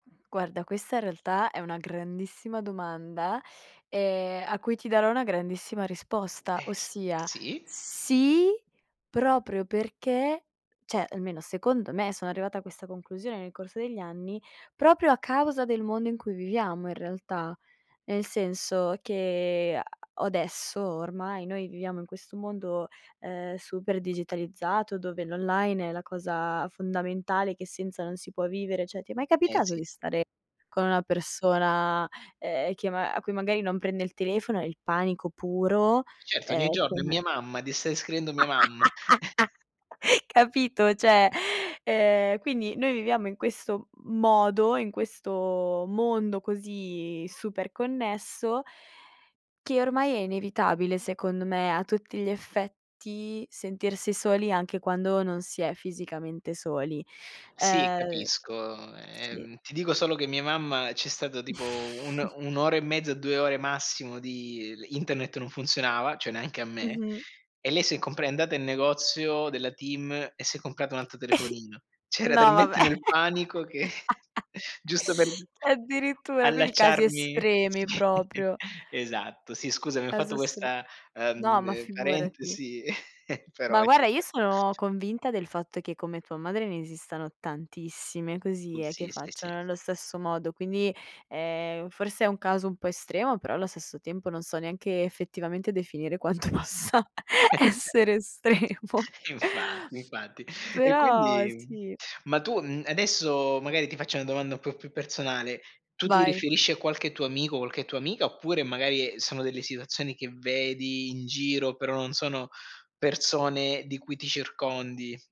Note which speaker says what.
Speaker 1: Guarda, questa in realtà è una grandissima domanda, ehm, a cui ti darò una grandissima risposta,
Speaker 2: Eh, s
Speaker 1: ossia
Speaker 2: sì.
Speaker 1: sì, proprio perché, cioè, almeno secondo me sono arrivata a questa conclusione nel corso degli anni, proprio a causa del mondo in cui viviamo in realtà. Nel senso che a adesso ormai noi viviamo in questo mondo, ehm, super digitalizzato dove l'online è la cosa fondamentale che senza non si può vivere. Cioè, ti è mai
Speaker 2: Eh,
Speaker 1: capitato
Speaker 2: sì.
Speaker 1: di stare con una persona ehm, che ma a cui magari non prende il telefono, e il panico puro.
Speaker 2: Certo,
Speaker 1: È
Speaker 2: ogni giorno. È
Speaker 1: come
Speaker 2: mia mamma, des stai descrivendo mia mamma.
Speaker 1: Capito? Cioè, ehm, quindi noi viviamo in questo modo, in questo mondo così super connesso che ormai è inevitabile secondo me a tutti gli effetti sentirsi soli anche quando non si è fisicamente soli.
Speaker 2: Sì
Speaker 1: Uhm,
Speaker 2: capisco,
Speaker 1: sì.
Speaker 2: ehm, ti dico solo che mia mamma c'è stato tipo un'o 1'ora e mezza, 2 ore massimo di l internet non funzionava, cioè, neanche a me.
Speaker 1: Mh-mh.
Speaker 2: E lei si è compra è andata in negozio della TIM e si è comprata un altro telefonino. Cioè, era
Speaker 1: No, vabbè.
Speaker 2: talmente nel panico che giusto per
Speaker 1: Addirittura, quindi casi
Speaker 2: allacciarmi
Speaker 1: estremi
Speaker 2: sì,
Speaker 1: proprio.
Speaker 2: esatto, sì scusami, ho fatto
Speaker 1: Caso assolu
Speaker 2: questa,
Speaker 1: no, ma
Speaker 2: ehm,
Speaker 1: figurati.
Speaker 2: parentesi però
Speaker 1: Ma
Speaker 2: eh ci
Speaker 1: guarda, io
Speaker 2: sta.
Speaker 1: sono convinta del fatto che come tua madre ne esistano tantissime
Speaker 2: U
Speaker 1: così eh, che
Speaker 2: sì sì sì.
Speaker 1: facciano nello stesso modo, quindi, ehm, forse è un caso un po' estremo, però allo stesso tempo non so neanche effettivamente definire quanto possa
Speaker 2: [unintelligible]
Speaker 1: essere estremo.
Speaker 2: Infatti, infatti. E
Speaker 1: Però
Speaker 2: quindi
Speaker 1: sì.
Speaker 2: ma tu mhmm, adesso, magari ti faccio una domanda un po' più personale, tu ti
Speaker 1: Vai.
Speaker 2: riferisci a qualche tuo amico o qualche tua amica, oppure magari sono delle situazioni che vedi in giro, però non sono persone di cui ti circondi?